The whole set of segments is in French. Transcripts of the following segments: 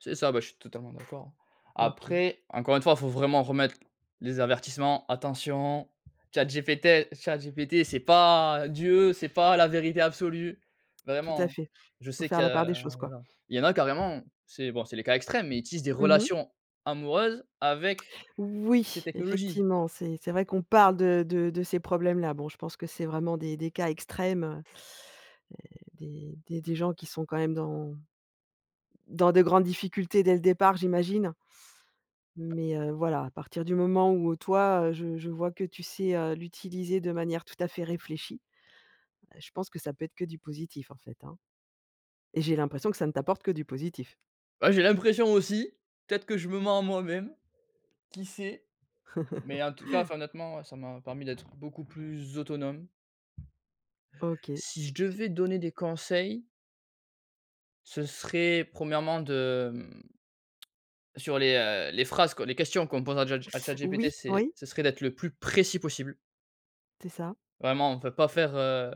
C'est ça, bah, je suis totalement d'accord hein. OK. Après, encore une fois, il faut vraiment remettre les avertissements, attention, ChatGPT ChatGPT c'est pas Dieu, c'est pas la vérité absolue. Tout à Vraiment, fait. je Il faut sais faire qu'il y la part a des choses, quoi. voilà, il y en a carrément, c'est bon, c'est les cas extrêmes, mais ils tissent des Mmh mh. relations amoureuses avec, ces Oui, technologies. effectivement, c'est c'est vrai qu'on parle de de de ces problèmes-là. Bon, je pense que c'est vraiment des des cas extrêmes. Heu, heu, des des des gens qui sont quand même dans dans de grandes difficultés dès le départ, j'imagine mais, heu, voilà, à partir du moment où, heu, toi, heu, j je vois que tu sais, heu, l'utiliser de manière tout à fait réfléchie. Heu, je pense que ça peut être que du positif en fait, hein et j'ai l'impression que ça ne t'apporte que du positif. Bah, j'ai l'impression aussi, peut-être que je me mens à moi-même. Qui sait? Mais en tout cas, enfin honnêtement ça m'a permis d'être beaucoup plus autonome OK. si C je c devais donner des conseils ce serait premièrement de, hem, sur les, heu, les phrases quoi les questions qu'on pose à jat à Chat GPT, Oui, c'est oui. c'est serait d'être le plus précis possible C'est ça. vraiment, enfin, pas faire, heu: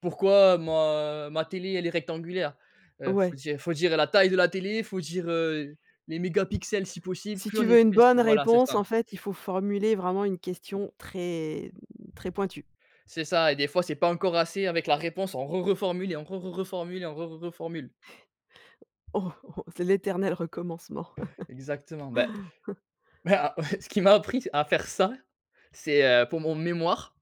«Pourquoi ma ma télé elle est rectangulaire?» Heu, il Ouais. faut dire il faut dire la taille de la télé, il faut dire, heu, les mégapixels si possible. Si Plus tu on est veux une précis. bonne Voilà c'est réponse, ça. en fait, il faut formuler vraiment une question très très pointue. C'est ça et des fois, c'est pas encore assez avec la réponse on re reformule et on re re reformule et on re re reformule. Oh oh! C'est l'éternel recommencement! Exactement. Bah. Bah ouais, ce qui m'y appris à faire ça, c'est, heu, pour mon mémoire.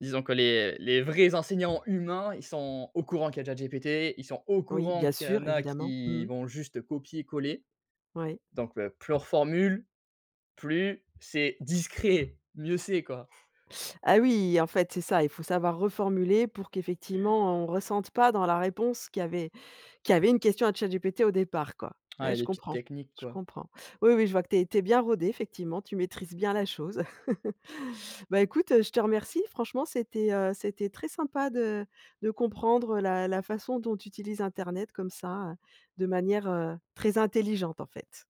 Disons que les, heu, les vrais enseignants humains, ils sont au courant qu'il y a Chat GPT. Ils sont au Oui courant bien qu'il y sûr en a, évidemment. Mmh. qui vont juste copier-coller. Oui. Donc heu, plus on reformule, plus, c'est discret, mieux c'est quoi. Ah oui! En fait, c'est ça, il faut savoir reformuler pour qu'effectivement, on ressente pas dans la réponse qu'il y avait qu'il y avait une question à ChatGPT, au départ quoi. Ouais, Ah je les petites comprends, techniques je quoi. comprends. Oui, oui, je vois que tu es tu es bien rodé, effectivement, tu maîtrises bien la chose. Bah, écoute, je te remercie. Franchement, c'était, heu, c'était très sympa de de comprendre la la façon dont tu utilises internet comme ça, de manière, heu, très intelligente en fait.